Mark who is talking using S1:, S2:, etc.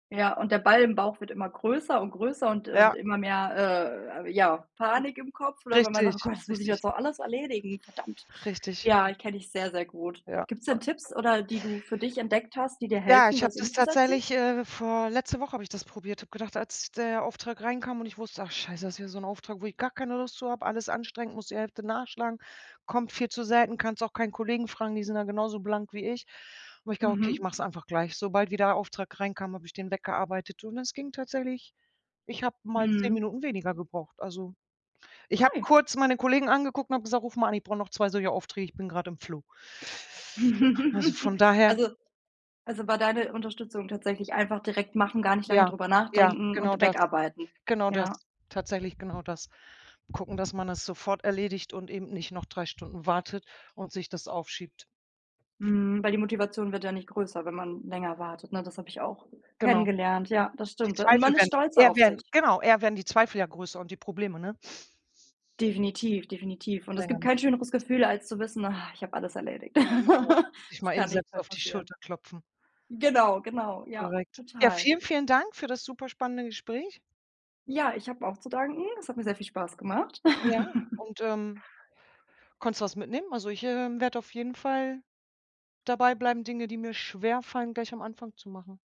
S1: Ja, und der Ball im Bauch wird immer größer und größer und und
S2: Ja.
S1: immer mehr, äh, ja, Panik im Kopf oder wenn man sagt: „Oh
S2: Richtig,
S1: Gott, das muss ich
S2: richtig.
S1: jetzt auch alles erledigen. Verdammt.“
S2: Richtig.
S1: Ja, kenne ich sehr, sehr gut.
S2: Ja.
S1: Gibt's denn Tipps
S2: [unintelligible]
S1: oder die du für dich entdeckt hast, die dir
S2: Ja,
S1: helfen,
S2: ich habe
S1: das
S2: das
S1: umzusetzen?
S2: tatsächlich, äh, vor letzte Woche habe ich das probiert. Habe gedacht, als der Auftrag reinkam und ich wusste: „Ach Scheiße, das ist wieder so 'n Auftrag, wo ich gar keine Lust zu habe, alles anstrengend, muss die Hälfte nachschlagen, kommt viel zu selten, kannst auch keinen Kollegen fragen, die sind da genauso blank wie ich. Und ich glaube, okay, ich
S1: Mhm.
S2: mache es einfach gleich.“ Sobald wie der Auftrag reinkam, habe ich den weggearbeitet und es ging tatsächlich ich habe mal 10
S1: Mhm.
S2: Minuten weniger gebraucht. Also, ich habe kurz meine Kollegen angeguckt und habe gesagt: „Ruf mal an, ich brauche noch 2 solche Aufträge. Ich bin grade im Flow.“ Also, von daher
S1: Also also, war deine Unterstützung tatsächlich einfach direkt machen, gar nicht lange
S2: Ja,
S1: drüber
S2: ja,
S1: nachdenken
S2: genau
S1: und
S2: das
S1: wegarbeiten.
S2: genau das
S1: Ja.
S2: tatsächlich genau das. Gucken, dass man es sofort erledigt und eben nicht noch 3 Stunden wartet und sich das aufschiebt.
S1: Mhm, weil die Motivation wird ja nicht größer, wenn man länger wartet, ne? Das habe ich auch
S2: Genau.
S1: kennengelernt. Ja, das
S2: Die
S1: stimmt und
S2: Zweifel
S1: man ist
S2: werden
S1: stolzer
S2: eher
S1: auf
S2: werden
S1: sich.
S2: genau, eher werden die Zweifel ja größer und die Probleme, ne?
S1: Definitiv, definitiv. Und
S2: Je
S1: es
S2: länger
S1: gibt
S2: man
S1: kein
S2: das liegen
S1: schöneres
S2: lässt.
S1: Gefühl, als zu wissen: „Ach, ich habe alles erledigt.
S2: Genau, sich
S1: Es
S2: mal eben
S1: kann nichts
S2: selbst
S1: mehr
S2: auf die
S1: passieren.”
S2: Schulter klopfen.
S1: Genau, genau. Ja,
S2: Korrekt. Ja,
S1: total.
S2: vielen, vielen Dank für das superspannende Gespräch.
S1: Ja, ich habe auch zu danken. Es hat mir sehr viel Spaß gemacht.
S2: Ja, und, ähm, konntest du was mitnehmen? Also ich, ähm, werde auf jeden Fall dabei bleiben, Dinge, die mir schwerfallen, gleich am Anfang zu machen.